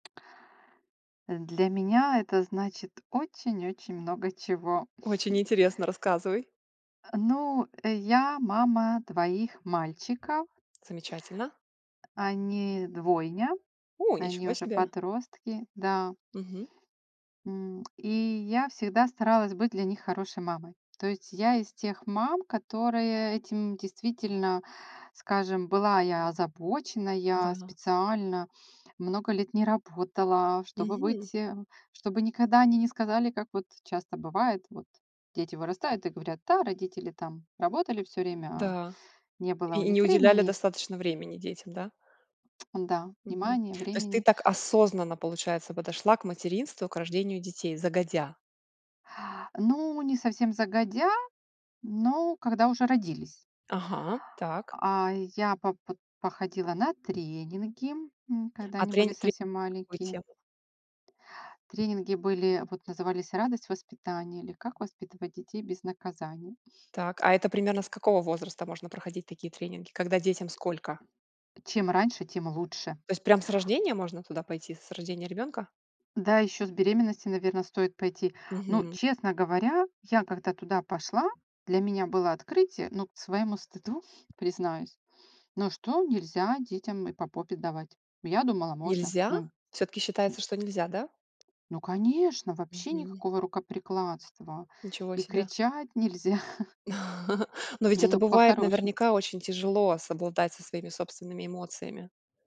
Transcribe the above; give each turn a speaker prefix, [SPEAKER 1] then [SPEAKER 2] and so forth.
[SPEAKER 1] Э, для меня это значит очень-очень много чего.
[SPEAKER 2] Очень интересно, рассказывай.
[SPEAKER 1] А, ну, э, я мама 2 мальчиков.
[SPEAKER 2] Замечательно.
[SPEAKER 1] Они двойня,
[SPEAKER 2] У,
[SPEAKER 1] они
[SPEAKER 2] ничего
[SPEAKER 1] уже
[SPEAKER 2] себе.
[SPEAKER 1] подростки. Да.
[SPEAKER 2] Мгм.
[SPEAKER 1] М, и я всегда старалась быть для них хорошей мамой. То есть я из тех мам, которые этим действительно, скажем, была я озабоченная,
[SPEAKER 2] Да.
[SPEAKER 1] специально много лет не работала, чтобы
[SPEAKER 2] Мгм.
[SPEAKER 1] быть э, чтобы никогда они не сказали, как вот часто бывает. Вот дети вырастают и говорят: "Да, родители там работали всё время, а
[SPEAKER 2] Да,
[SPEAKER 1] не было у
[SPEAKER 2] и и не
[SPEAKER 1] них
[SPEAKER 2] уделяли
[SPEAKER 1] времени".
[SPEAKER 2] достаточно времени детям, да?
[SPEAKER 1] М-да,
[SPEAKER 2] Мгм.
[SPEAKER 1] внимания,
[SPEAKER 2] То есть ты
[SPEAKER 1] времени.
[SPEAKER 2] так осознанно, получается, подошла к материнству, к рождению детей, загодя.
[SPEAKER 1] Ну, не совсем загодя, но когда уже родились.
[SPEAKER 2] Ага, так.
[SPEAKER 1] А я по под походила на тренинги, м, когда
[SPEAKER 2] А
[SPEAKER 1] они были
[SPEAKER 2] тренин тренинг
[SPEAKER 1] совсем
[SPEAKER 2] на какую
[SPEAKER 1] маленькие.
[SPEAKER 2] тему?
[SPEAKER 1] Тренинги были, вот, назывались "Радость воспитания", или "Как воспитывать детей без наказаний".
[SPEAKER 2] Так, а это примерно с какого возраста можно проходить такие тренинги? Когда детям сколько?
[SPEAKER 1] Чем раньше, тем лучше.
[SPEAKER 2] То есть прям с рождения можно туда пойти, с рождения ребёнка?
[SPEAKER 1] Да, ещё с беременностью, наверно, стоит пойти. Ну,
[SPEAKER 2] Мгм.
[SPEAKER 1] честно говоря, я, когда туда пошла, для меня было открытие. Ну, к своему стыду, признаюсь, ну, что нельзя детям и по попе давать? Я думала, можно,
[SPEAKER 2] Нельзя?
[SPEAKER 1] ну,
[SPEAKER 2] Всё-таки
[SPEAKER 1] м
[SPEAKER 2] считается, что нельзя, да?
[SPEAKER 1] Ну, конечно, вообще
[SPEAKER 2] Мгм.
[SPEAKER 1] никакого рукоприкладства,
[SPEAKER 2] Ничего
[SPEAKER 1] и
[SPEAKER 2] себе.
[SPEAKER 1] кричать нельзя.
[SPEAKER 2] Но ведь это
[SPEAKER 1] Ну,
[SPEAKER 2] бывает,
[SPEAKER 1] по-хорошему.
[SPEAKER 2] наверняка, очень тяжело совладать со своими собственными эмоциями.